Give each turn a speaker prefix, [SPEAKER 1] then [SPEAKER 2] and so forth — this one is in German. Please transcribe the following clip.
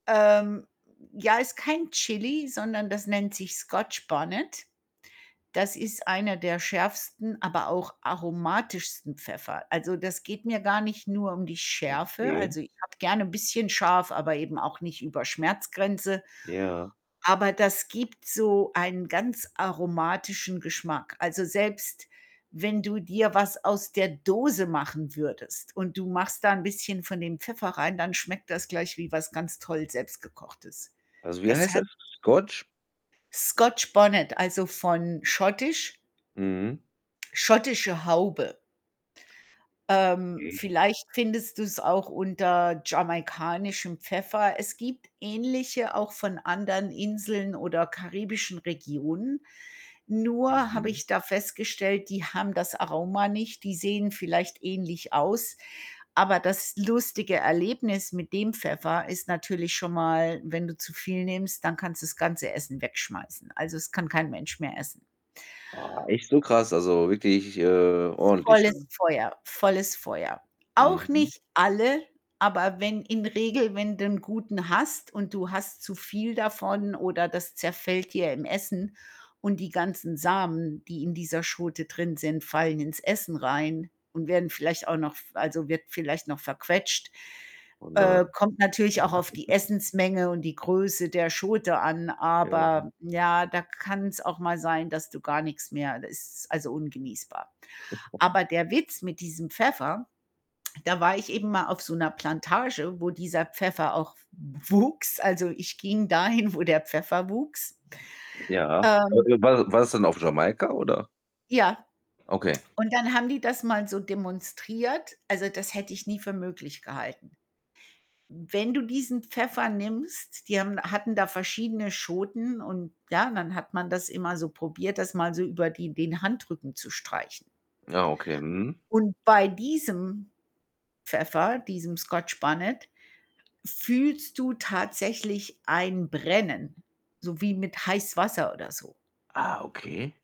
[SPEAKER 1] Ähm, j ja, ist kein Chili, sondern das nennt sich Scotch Bonnet. Das ist einer der schärfsten, aber auch aromatischsten Pfeffer. Also, das geht mir gar nicht nur um die Schärfe.
[SPEAKER 2] Okay.
[SPEAKER 1] Also, ich habe gerne bisschen scharf, aber eben auch nicht über Schmerzgrenze.
[SPEAKER 2] Ja.
[SPEAKER 1] Aber das gibt so einen ganz aromatischen Geschmack. Also, selbst wenn du dir was aus der Dose machen würdest und du machst da 'n bisschen von dem Pfeffer rein, dann schmeckt das gleich wie was ganz toll Selbstgekochtes.
[SPEAKER 2] Also, wie
[SPEAKER 1] Das
[SPEAKER 2] heißt das?
[SPEAKER 1] hat
[SPEAKER 2] Scotch
[SPEAKER 1] Scotch Bonnet, also von Schottisch
[SPEAKER 2] Mhm.
[SPEAKER 1] schottische Haube. Ähm,
[SPEAKER 2] Mhm.
[SPEAKER 1] vielleicht findest du's auch unter jamaikanischem Pfeffer. Es gibt ähnliche auch von anderen Inseln oder karibischen Regionen, nur habe
[SPEAKER 2] Mhm.
[SPEAKER 1] ich da festgestellt, die haben das Aroma nicht, die sehen vielleicht ähnlich aus, aber das lustige Erlebnis mit dem Pfeffer ist natürlich schon mal, wenn du zu viel nimmst, dann kannst du das ganze Essen wegschmeißen. Also, es kann kein Mensch mehr essen.
[SPEAKER 2] Ah, echt so krass? Also, wirklich, äh, ordentlich
[SPEAKER 1] Volles
[SPEAKER 2] dann.
[SPEAKER 1] Feuer, volles Feuer. Auch
[SPEAKER 2] Mhm.
[SPEAKER 1] nicht alle, aber wenn in Regel wenn du 'n guten hast und du hast zu viel davon oder das zerfällt dir im Essen und die ganzen Samen, die in dieser Schote drin sind, fallen ins Essen rein und werden vielleicht auch noch f also, wird vielleicht noch verquetscht
[SPEAKER 2] Oh, nein.
[SPEAKER 1] äh, kommt natürlich auch auf die Essens-Menge und die Größe der Schote an,
[SPEAKER 2] Ja, ne?
[SPEAKER 1] aber ja, da kann's auch mal sein, dass du gar nix mehr da ist also ungenießbar. Aber der Witz mit diesem Pfeffer da war ich eben mal auf so 'ner Plantage, wo dieser Pfeffer auch w wuchs. Also, ich ging dahin, wo der Pfeffer wuchs.
[SPEAKER 2] Ja. Äh,
[SPEAKER 1] Ähm
[SPEAKER 2] war war's dann auf Jamaika, oder?
[SPEAKER 1] Ja.
[SPEAKER 2] Okay.
[SPEAKER 1] Und dann haben die das mal so demonstriert. Also, das hätte ich nie für möglich gehalten. Wenn du diesen Pfeffer nimmst, die haben hatten da verschiedene Schoten, und ja, dann hat man das immer so probiert, das mal so über die den Handrücken zu streichen.
[SPEAKER 2] Ja, okay. Mhm.
[SPEAKER 1] Und bei diesem Pfeffer, diesem Scotch Bonnet fühlst du tatsächlich ein Brennen, so wie mit Heißwasser oder so.
[SPEAKER 2] Ah, okay.